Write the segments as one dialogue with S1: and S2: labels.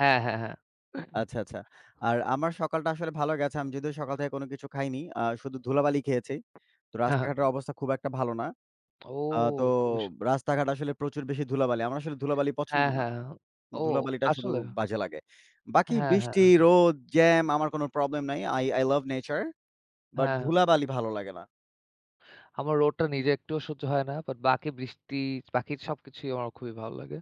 S1: হ্যাঁ, হ্যাঁ, হ্যাঁ।
S2: আচ্ছা, আচ্ছা। আর আমার সকালটা আসলে ভালো গেছে। আমি যদিও আমি সকাল থেকে কোনো কিছু খাইনি, আ শুধু ধুলাবালি খেয়েছি। তো,
S1: হ্যাঁ, হ্যাঁ।
S2: রাস্তাঘাটের অবস্থা খুব একটা ভালো না।
S1: ও
S2: আ তো
S1: খুবই সু
S2: রাস্তাঘাট আসলে প্রচুর বেশি ধুলাবালি। আমার আসলে ধুলাবালি পছন্দ
S1: হ্যাঁ,
S2: না।
S1: হ্যাঁ। ও!
S2: ধুলাবালিটা শুধু
S1: আসলেও?
S2: বাজে লাগে। বাকি
S1: হ্যাঁ, হ্যাঁ।
S2: বৃষ্টি, রোদ, জ্যাম আমার কোনো প্রবলেম নাইI I I love nature. But
S1: হ্যাঁ।
S2: ধুলাবালি ভালো লাগে না।
S1: আমার রোদটা নিজে একটুও সহ্য হয় না। বাট বাকি বৃষ্টি, বাকি সবকিছুই আমার খুবই ভালো লাগে।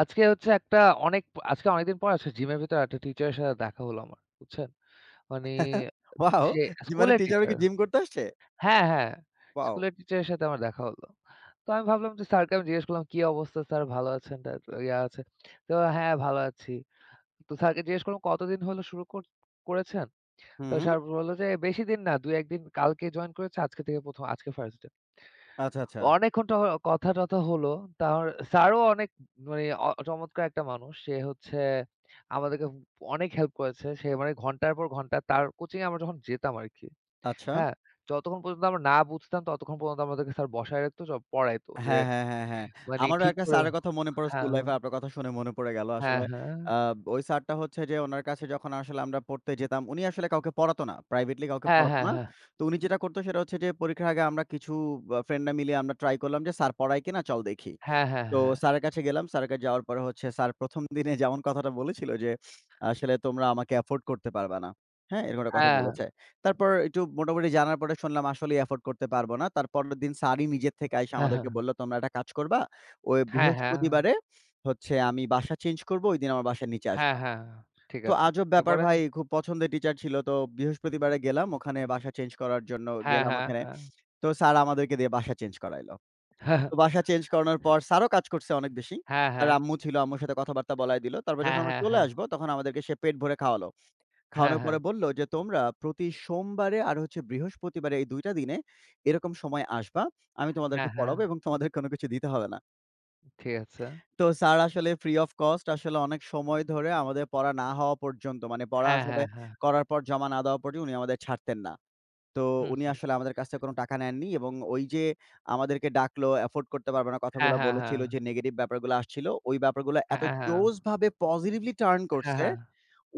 S1: আজকে হচ্ছে একটা অনেক প আজকে অনেকদিন পরে আসলে জিমের ভেতরে একটা টিচারের সাথে দেখা হলো আমার। বুঝছেন? মানে
S2: ওয়াও!
S1: সে
S2: জি মানে,
S1: স্কুলের
S2: টিচারও
S1: টিচার
S2: কি জিম করতে আসছে?
S1: হ্যাঁ, হ্যাঁ।
S2: ওয়াও!
S1: স্কুলের টিচারের সাথে আমার দেখা হলো। তো আমি ভাবলাম যে, স্যারকে আমি জিজ্ঞেস করলাম, "কি অবস্থা স্যার, ভালো আছেন?" তারপর, ইয়া আছে তো, "হ্যাঁ, ভালো আছি।" তো স্যারকে জিজ্ঞাসা করলাম, "কতদিন হল শুরু কর করেছেন?" তো
S2: হুম।
S1: স্যার বলল যে, "বেশিদিন না, ২ ১ দিন। কালকে জয়েন করেছে। আজকে থেকে ১ম আজকে 1st ডে।"
S2: আচ্ছা,
S1: তো
S2: আচ্ছা।
S1: অনেকক্ষণ ট অ কথা-টথা হলো। তার স্যারও অনেক মানে অ চমৎকার একটা মানুষ। সে হচ্ছে আমাদেরকে ব অনেক হেল্প করেছে। সে মানে ঘন্টার পর ঘন্টা তার কোচিংয়ে আমরা যখন যেতাম আরকি।
S2: আচ্ছা।
S1: হ্যাঁ, যতক্ষণ পর্যন্ত আমরা না বুঝতাম, ততক্ষণ পর্যন্ত আমাদেরকে স্যার বসায় রাখত। সব পড়াইত যে,
S2: হ্যাঁ, হ্যাঁ, হ্যাঁ, হ্যাঁ।
S1: মানে
S2: আমারও
S1: ঠিক
S2: একটা
S1: করে
S2: স্যারের কথা মনে পড়ে
S1: হ্যাঁ,
S2: স্কুল
S1: হ্যাঁ।
S2: লাইফে আপনার কথা শুনে মনে পড়ে গেল
S1: হ্যাঁ,
S2: আসলে।
S1: হ্যাঁ।
S2: আব ওই স্যারটা হচ্ছে যে, উনার কাছে যখন আসলে আমরা পড়তে যেতাম, উনি আসলে কাউকে পড়াত না, প্রাইভেটলি কাউকে
S1: হ্যাঁ,
S2: পড়াতো
S1: হ্যাঁ,
S2: না।
S1: হ্যাঁ।
S2: তো উনি যেটা করত সেটা হচ্ছে যে, পরীক্ষার আগে আমরা কিছু আ ফ্রেন্ডরা মিলিয়ে আমরা ট্রাই করলাম যে, "স্যার পড়ায় কিনা, চল দেখি।"
S1: হ্যাঁ, হ্যাঁ,
S2: তো
S1: হ্যাঁ।
S2: স্যারের কাছে গেলাম, স্যারের কাছে যাওয়ার পরে হচ্ছে স্যার ১ম দিনে যেমন কথাটা বলেছিল যে, "আসলে তোমরা আমাকে এফোর্ড করতে পারবা না।" হ্যাঁ, এরকম একটা কথা
S1: হ্যাঁ, হ্যাঁ।
S2: বলেছে। তারপর একটু মোটামুটি জানার পরে শুনলাম আসলেই এফোর্ড করতে পারবো না। তারপরের দিন স্যারই নিজের থেকে আইসা
S1: হ্যাঁ, হ্যাঁ।
S2: আমাদেরকে বলল, "তোমরা একটা কাজ করবা, ওই
S1: হ্যাঁ, হ্যাঁ।
S2: বৃহস্পতিবারে হচ্ছে আমি বাসা চেঞ্জ করব, ঐদিন আমার বাসার নিচে
S1: হ্যাঁ,
S2: আসবা।"
S1: হ্যাঁ, ঠিক
S2: তো
S1: আছে।
S2: আজব ব্যাপার
S1: এরপরে?
S2: ভাই, খুব পছন্দের টিচার ছিল। তো বৃহস্পতিবারে গেলাম। ওখানে বাসা চেঞ্জ করার জন্য
S1: হ্যাঁ,
S2: গেলাম,
S1: হ্যাঁ,
S2: ওখানে
S1: হ্যাঁ।
S2: তো স্যার আমাদেরকে দিয়ে বাসা চেঞ্জ করাইল। তো বাসা চেঞ্জ করানোর পর স্যারও কাজ করছে অনেক বেশি,
S1: হ্যাঁ,
S2: তার
S1: হ্যাঁ।
S2: আম্মু ছিল, আম্মুর সাথে কথাবার্তা বলায় দিল। তারপর যখন
S1: হ্যাঁ,
S2: আমরা
S1: হ্যাঁ,
S2: চলে
S1: হ্যাঁ।
S2: আসব, তখন আমাদেরকে সে পেট ভরে খাওয়ালো।
S1: হ্যাঁ,
S2: খাওয়ানোর
S1: হ্যাঁ।
S2: পরে বলল যে, "তোমরা প্রতি সোমবারে আর হচ্ছে বৃহস্পতিবারে এই ২ টা দিনে এরকম সময় আসবা, আমি তোমাদেরকে
S1: হ্যাঁ, হ্যাঁ।
S2: পড়াবো এবং তোমাদের কোনো কিছু দিতে হবে না।"
S1: ঠিক আছে।
S2: তো স্যার আসলে ফ্রি অফ কস্ট আসলে অনেক সময় ধরে আমাদের পড়া না হওয়া পর্যন্ত, মানে পড়া
S1: হ্যাঁ,
S2: আসলে
S1: হ্যাঁ, হ্যাঁ।
S2: করার পর জমা না দেওয়া পর্যন্ত উনি আমাদের ছাড়তেন না। তো
S1: হু,
S2: উনি
S1: হু।
S2: আসলে আমাদের কাছ থেকে কোনো টাকা নেননি এবং ওইযে আমাদেরকে ডাকলো, এফোর্ড করতে পারবে না
S1: হ্যাঁ,
S2: কথাগুলা
S1: হ্যাঁ, হ্যাঁ।
S2: বলেছিল, যে নেগেটিভ ব্যাপারগুলা আসছিল, ওই ব্যাপারগুলা
S1: হ্যাঁ,
S2: এত
S1: হ্যাঁ।
S2: জোশভাবে পজিটিভলি টার্ন
S1: হ্যাঁ,
S2: করছে,
S1: হ্যাঁ।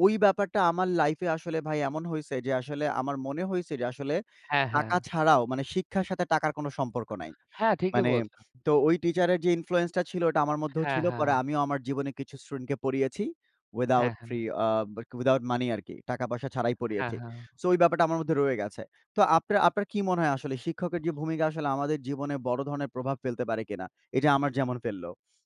S2: ওই ব্যাপারটা আমার লাইফে আসলে ভাই এমন হইছে যে, আসলে আমার মনে হইছে যে আসলে
S1: হ্যাঁ,
S2: টাকা
S1: হ্যাঁ।
S2: ছাড়াও মানে শিক্ষার সাথে টাকার কোনো সম্পর্ক নাই।
S1: হ্যাঁ, ঠিকই
S2: মানে
S1: বলছেন।
S2: তো ওই টিচারের যে ইনফ্লুয়েন্সটা ছিল ওটা আমার মধ্যেও
S1: হ্যাঁ,
S2: ছিল। পরে
S1: হ্যাঁ।
S2: আমিও আমার জীবনে কিছু স্টুডেন্ট কে পড়িয়েছি। উইথআউট
S1: হ্যাঁ, হ্যাঁ।
S2: ফ্রি আ উইথআউট মানি আরকি টাকা-পয়সা ছাড়াই
S1: হ্যাঁ,
S2: পড়িয়েছি।
S1: হ্যাঁ।
S2: সো ওই ব্যাপারটা আমার মধ্যে রয়ে গেছে। তো আপনার আপনার কি মনে হয় আসলে শিক্ষকের যে ভূমিকা আসলে আমাদের জীবনে বড় ধরনের প্রভাব ফেলতে পারে কিনা? এইযে আমার যেমন ফেলল?